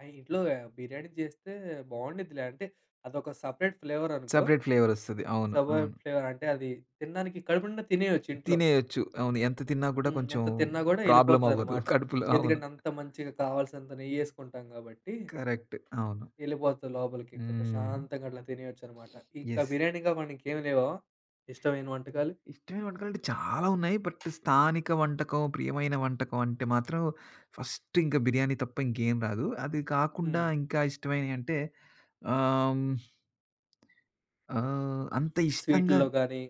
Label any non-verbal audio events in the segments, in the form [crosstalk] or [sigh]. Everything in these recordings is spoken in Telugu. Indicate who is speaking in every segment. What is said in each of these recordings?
Speaker 1: ఆ! ఇంట్లో ఆ బిర్యానీ చేస్తే బాగుండుద్దిలే అంటే అదొక సపరేట్ ఫ్లేవరనుకో.
Speaker 2: సపరేట్ ఫ్లేవర్ వస్తది. అవును.
Speaker 1: సబర్
Speaker 2: అవును.
Speaker 1: ఫ్లేవర్ అంటే అది తినడానికి కడుపు నిండా తినేయొచ్చు ఇంట్లో.
Speaker 2: తినేయొచ్చు. అవును. ఎంత తిన్నా కూడా
Speaker 1: హ్మ్.
Speaker 2: కొంచెం
Speaker 1: ఎంత తిన్నా కూడా
Speaker 2: ప్రాబ్లమ్ అవ్వదు
Speaker 1: యేళ్ళిపోతుందనమాట.
Speaker 2: కడుపులో అవును.
Speaker 1: ఎందుకంటే అంత మంచిగా కావాల్సినంత నెయ్యి వేసుకుంటాం కాబట్టి.
Speaker 2: కరెక్ట్ అవును.
Speaker 1: యేళ్ళిపోతది లోపలికి. ఇంకా
Speaker 2: హ్మ్. [sniffs]
Speaker 1: ప్రశాంతంగా అట్లా తినేయొచ్చనమాట. ఇంకా
Speaker 2: యెస్.
Speaker 1: బిర్యానీగా మనకేం లేవా ఇష్టమైన వంటకాలు?
Speaker 2: ఇష్టమైన వంటకాలు అంటే చాలా ఉన్నాయి. బట్ స్థానిక వంటకం, ప్రియమైన వంటకం అంటే మాత్రం ఫస్ట్ ఇంకా బిర్యానీ తప్ప ఇంకేం రాదు. అది కాకుండా
Speaker 1: హ్మ్.
Speaker 2: ఇంకా ఇష్టమైనవి అంటే, ఆహ్, హ్మ్. ఆహ్, అంత ఇష్టంగా
Speaker 1: స్వీటుల్లో గాని?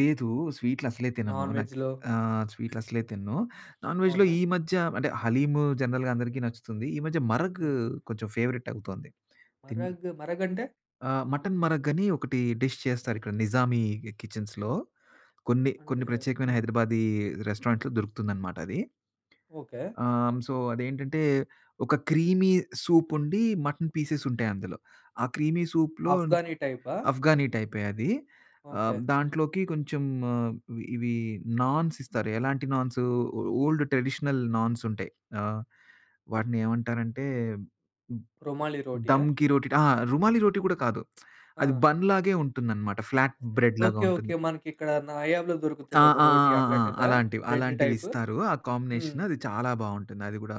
Speaker 2: లేదు. స్వీట్లు అసలే తినను.
Speaker 1: నాన్
Speaker 2: నాకు
Speaker 1: వెజ్‌లో?
Speaker 2: ఆహ్, స్వీట్లసలే తినను. నాన్ వేజ్‌లో
Speaker 1: అవునా.
Speaker 2: ఈ మధ్య అంటే హలీము జనరల్‌గా అందరికి నచ్చుతుంది. ఈ మధ్య మరగ్
Speaker 1: హ్మ్.
Speaker 2: కొంచెం ఫేవరెట్ అవుతుంది. తిన్
Speaker 1: మరగ్, మరగంటే?
Speaker 2: ఆ! మటన్ మరగ్ అని ఒకటి డిష్ చేస్తారు. ఇక్కడ నిజామీ కి కిచెన్స్‌లో. కొన్ని, కొన్ని
Speaker 1: అంటే
Speaker 2: ప్రత్యేకమైన
Speaker 1: హ్మ్.
Speaker 2: హైదరాబాదీ రెస్టారెంట్‌లో దొరుకుతుందనమాట అది.
Speaker 1: ఓకే.
Speaker 2: ఆహ్, హ్మ్. సో, అదేంటంటే ఒక క్రీమీ సూప్ ఉండి. మటన్ పీసెస్ ఉంటాయి అందులో. ఆ క్రీమీ సూప్‌లో నీకు
Speaker 1: అఫ్గాని టైపా?
Speaker 2: అఫ్గాని టైపే అది. ఆహ్,
Speaker 1: ఓకే.
Speaker 2: దాంట్లోకి కొంచెం ఆహ్, ఇవి నాన్స్ ఇస్తారు. ఎలాంటి నాన్స్. ఓల్డ్ ట్రెడిషనల్ నాన్స్ ఉంటాయి. ఆహ్, వాటిని ఏమంటారు అంటే హ్మ్.
Speaker 1: రుమాలి రోటీయ?
Speaker 2: దంకి రోటి ఆ! రుమాలి రోటి కూడా కాదు. [tsk] అది
Speaker 1: ఆ!
Speaker 2: బన్ లాగే ఉంటుందనమాట. ఫ్లాట్ బ్రెడ్ లాగా
Speaker 1: ఓకే.
Speaker 2: ఉంటుంది.
Speaker 1: ఓకే. మనకి ఇక్కడ నాయాబ్‌లో
Speaker 2: ఆ!
Speaker 1: దొరుకుతది ఒక
Speaker 2: ఆ! ఆ!
Speaker 1: రోటి
Speaker 2: ఆ! ఆ!
Speaker 1: అట్లాంటిదా?
Speaker 2: అలాంటివి
Speaker 1: బ్రెడ్
Speaker 2: అలాంటివి
Speaker 1: టైప్?
Speaker 2: ఇస్తారు. ఆ
Speaker 1: హ్మ్.
Speaker 2: కాంబినేషన్. అది చాలా బాగుంటుంది. అది కూడా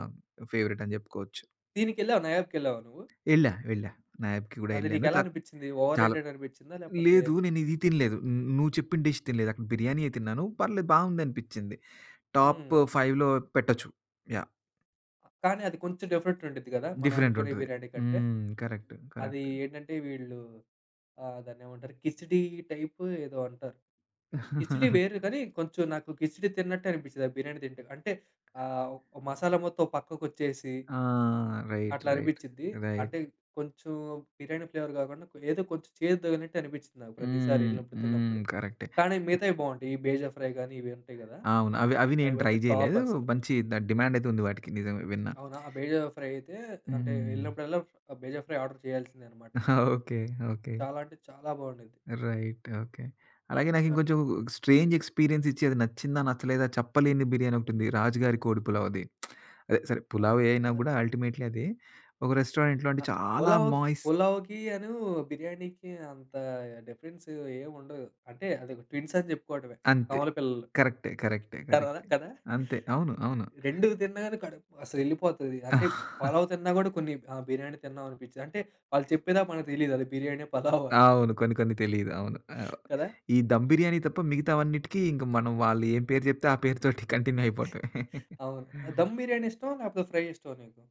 Speaker 2: ఫేవరేట్ అని చెప్పుకోవచ్చు.
Speaker 1: దీనికెళ్ళావా నయాబ్‌కెళ్ళావా నువ్వు?
Speaker 2: యేళ్ళా, వెళ్ళా నయాబ్‌కి కూడా
Speaker 1: అది
Speaker 2: వెళ్ళాను.
Speaker 1: నీకెలా
Speaker 2: కా
Speaker 1: అనిపించింది? ఓవర్
Speaker 2: చాల
Speaker 1: రేటెడ్ అనిపించిందా? లేపోతే
Speaker 2: లేదు. నేను ఇది తినలేదు. నువ్వు చెప్పిన డిష్ తినలేదు. అక్కడ బిర్యానీ తిన్నాను. పర్లేదు బాగుంది అనిపించింది. టాప్
Speaker 1: హ్మ్.
Speaker 2: 5లో పెట్టొచ్చు యాహ్!
Speaker 1: అ! కానీ అది కొంచెం డిఫరెంట్‌గా ఉండిద్ది కదా! మనం
Speaker 2: డిఫరెంట్
Speaker 1: అనుకునే
Speaker 2: ఉంటది.
Speaker 1: బిర్యానీ కంటే
Speaker 2: హ్మ్. కరెక్ట్,
Speaker 1: అది
Speaker 2: కరెక్ట్.
Speaker 1: ఏంటంటే వీళ్ళు ఆహ్, దాన్నేమంటారు కిచిడీ టైప్ ఏదో అంటారు. కిచిడీ
Speaker 2: [giggles]
Speaker 1: వేరు కానీ కొంచెం నాకు కిచిడీ తిన్నట్టే అనిపించేది. ఆ బిర్యానీ తింటే అంటే ఆహ్, మసాలా మొత్తం ఓ పక్కకు వచ్చేసి...
Speaker 2: ఆ! రైట్,
Speaker 1: అట్లా
Speaker 2: రైట్,
Speaker 1: అనిపిచ్చిద్ది. అంటే
Speaker 2: రైట్.
Speaker 1: కొంచెం బిర్యానీ ఫ్లేవర్ కాకుండా. ఏదో కొంచెం చేదు తగిలినట్టు అనిపించింది నాకు. ప్రతిసారి
Speaker 2: హ్మ్.
Speaker 1: యేళ్ళినప్పుడు
Speaker 2: హ్మ్.
Speaker 1: తిన్నప్పుడు.
Speaker 2: కరెక్టే.
Speaker 1: కానీ మిగతావి బాగుంటాయి. ఈ బేజ ఫ్రై గాని, ఇవి ఉంటాయి కదా.
Speaker 2: అవును అవి, అవి నేను ట్రై
Speaker 1: అవైతే టాప్
Speaker 2: చేయలేదు.
Speaker 1: అసలు.
Speaker 2: మంచి దాని డిమాండ్ అయితే ఉంది వాటికి. నిజంమే విన్నా.
Speaker 1: అవునా. ఆ బేజ ఫ్రై అయితే అంటే
Speaker 2: హ్మ్.
Speaker 1: వెళ్ళినప్పుడల్లా ఆ బేజ ఫ్రై ఆర్డర్ చేయాల్సిందే అనమాట.
Speaker 2: [giggles] ఓకే. ఓకే.
Speaker 1: చాలా అంటే చాలా బాగుండిద్ది.
Speaker 2: Right okay. అలాగే నాకు
Speaker 1: అట్లా.
Speaker 2: ఇంకొంచెం స్ట్రేంజ్ ఎక్స్‌పీరియన్స్ ఇచ్చిది. నచ్చిందా నచ్చలేదా చెప్పలేని బిర్యానీ ఒకటి ఉంది. రాజు గారి కోడి పులావ్‌ది. [smacks lips] అదే. సరే పులావే
Speaker 1: రాజు
Speaker 2: అయినా
Speaker 1: గారి పు
Speaker 2: కూడా అల్టిమేట్లీ అదీ, ఒక రెస్టారెంట్‌లో అంటే,
Speaker 1: ఆ!
Speaker 2: చాలా
Speaker 1: పలావ్,
Speaker 2: మాయిస్
Speaker 1: పులావ్‌కీయను, బిర్యానీకి అంత డిఫరెన్స్ ఏం ఉండదు. అంటే అది ట్విన్స్ అని చెప్పుకోవడమే
Speaker 2: అంతే.
Speaker 1: కవల పిల్లలు.
Speaker 2: కరెక్టే, కరెక్టే,
Speaker 1: కడా
Speaker 2: కరెక్టే.
Speaker 1: కదా!
Speaker 2: అంతే అవును. అవును.
Speaker 1: 2 తిన్నను కడుపు అసలు యేళ్ళిపోతది. అంటే
Speaker 2: [giggles]
Speaker 1: పలావ్ తిన్నా కూడా కొన్ని ఆహ్, బిర్యానీ తిన్నాం అనిపించేది. అంటే వాళ్ళు చెప్పేదాకా మనకు తెలిదది. అది బిర్యానా పలావా అని. [giggles]
Speaker 2: అవును కొన్ని, కొన్ని తెలియదు. అవును. అవ్
Speaker 1: కదా!
Speaker 2: ఈ దమ్ బిర్యానీ తప్ప మిగతావన్నిటికీ ఇంక మనం వాళ్ళు ఏ పేరు చెప్తే, ఆ పేరుతోటి కంటిన్యూ అయిపోతాది. [chuckles]
Speaker 1: అవును దమ్ బిర్యానీ ఇష్టమా? లేకపోతే ఫ్రై ఇష్టమా నీకు?